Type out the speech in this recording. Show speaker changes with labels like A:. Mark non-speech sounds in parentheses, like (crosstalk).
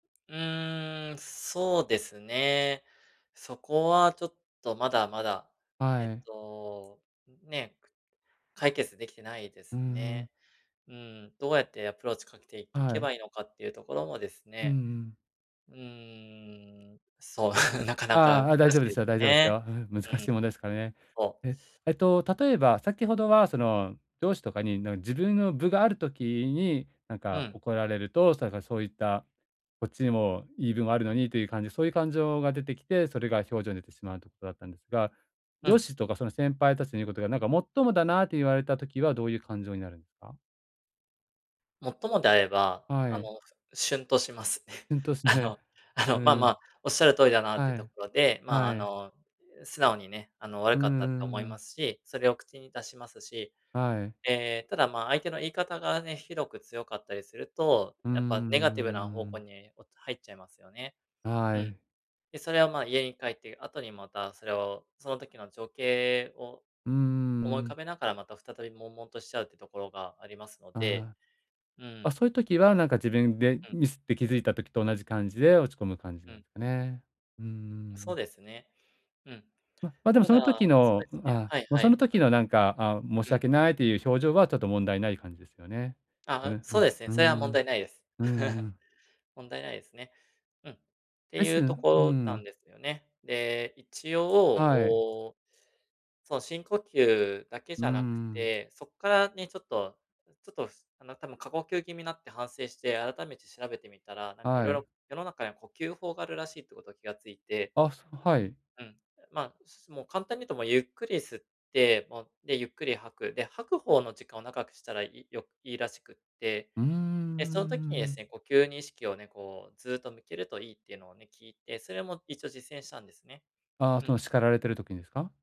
A: うーん、そうですね、そこはちょっと、まだまだ、えっ
B: はい。
A: と、ね、解決できてないで
B: う
A: す
B: ー
A: ね。
B: ん。
A: うん、どうやってアプローチかけてい
B: は
A: け
B: い。
A: ばいいのかっていうところもです
B: うんう
A: ね、
B: ん。
A: うーん、そう、なかなか難
B: ああ、大
A: し
B: 丈夫
A: い
B: で
A: です
B: すよ、
A: よ
B: 大丈夫です
A: ね。
B: よ。ん、難
A: うん。
B: しい問題ですかね。
A: そう。
B: え、えっと例えば先ほどはその上司とかに、な自分の分がある時になん
A: う
B: か
A: ん。
B: 怒られると、それからそういった、こっちにも言い分もあるのにという感じ、そういう感情が出てきて、それが表情に出てしまうということだったんですが、
A: う
B: 上
A: ん。
B: 司とかその先輩たちの言うことがなんかもっともだなと言われた時は、どういう感情になるんですか？
A: 最もであれば、あ
B: は
A: の、
B: い。
A: しゅんとします。(chuckles)
B: ほんとっす
A: あ
B: ね。
A: の、あの、まあ
B: う
A: ま
B: ん。
A: あ、おっしゃる通りだなってい
B: は
A: うと
B: い。
A: ころで、まあ、あ
B: はい。
A: の、う、素直にね、あの、悪
B: うん
A: かった
B: う
A: と思
B: んう
A: いま
B: ん。
A: すし、それを口に出しますし。
B: はい。
A: ええ、ええ、ただ、まあ、相手の言い方がね、ひどく強かったりすると、
B: うー
A: やっぱネガティブな方向
B: ん。
A: にお入っちゃいますよね。う
B: は
A: ん。
B: い。
A: で、それは、ま、家に帰って後にまたそれを、その時の情景を
B: うー
A: 思い浮か
B: ん。
A: べながら、また再び悶々としちゃうっていうところがありますので、
B: ああ。
A: う
B: あ、
A: ん。
B: そういう時は、なんか、自分で
A: うん。
B: ミスって気づいた時と同じ感じで落ち込む感じ
A: う
B: なん
A: ん。
B: ですかね。うんうんう
A: そう
B: ん。
A: ですね。うん。
B: ま、でも
A: た
B: そ
A: だ、
B: の時
A: そう
B: の
A: ですね
B: あ、
A: はいは
B: その
A: い、う
B: 時の、なんか、あ、申し
A: ん。うん。
B: 訳ないという表情はちょっと問題ない感じですよね。そ
A: あ、
B: れ、
A: う、
B: うん、
A: そうですね、
B: うー
A: それは問
B: ん。
A: 題ないです。
B: うん
A: (chuckles)
B: うん。
A: 問題ないですね。うん。
B: レ
A: て
B: ッ
A: い
B: ス
A: うと
B: ンうー
A: ころなん
B: ん。
A: ですよね。で、一応、
B: はい。
A: お、その、深呼吸だけ
B: う
A: じ
B: ーん、う
A: ゃなく
B: ん。
A: て、そっからね、ちょっとちょっと、あの、多分過呼吸気味になって反省して改めて調べてみたら、なんか、いろ
B: は
A: い
B: い。
A: ろ世の中には呼吸法があるらしいってこと気が付いて。
B: あ、そはい。
A: うん。ま、すもう簡単に言うと、もうゆっくり吸って、もう、で、ゆっくり吐く、で、吐く方の時間を長くしたらいいよいいらしくって、
B: うーん、うんうん
A: で、
B: う
A: その時に
B: んう
A: で
B: ん、
A: すね、
B: ん。
A: 呼吸に意識をね、こう、ずっと向けるといいっていうのをね、聞いて、それも一応実践したんですね。
B: ああ、
A: う
B: そ
A: ん。
B: の叱られている時にすか？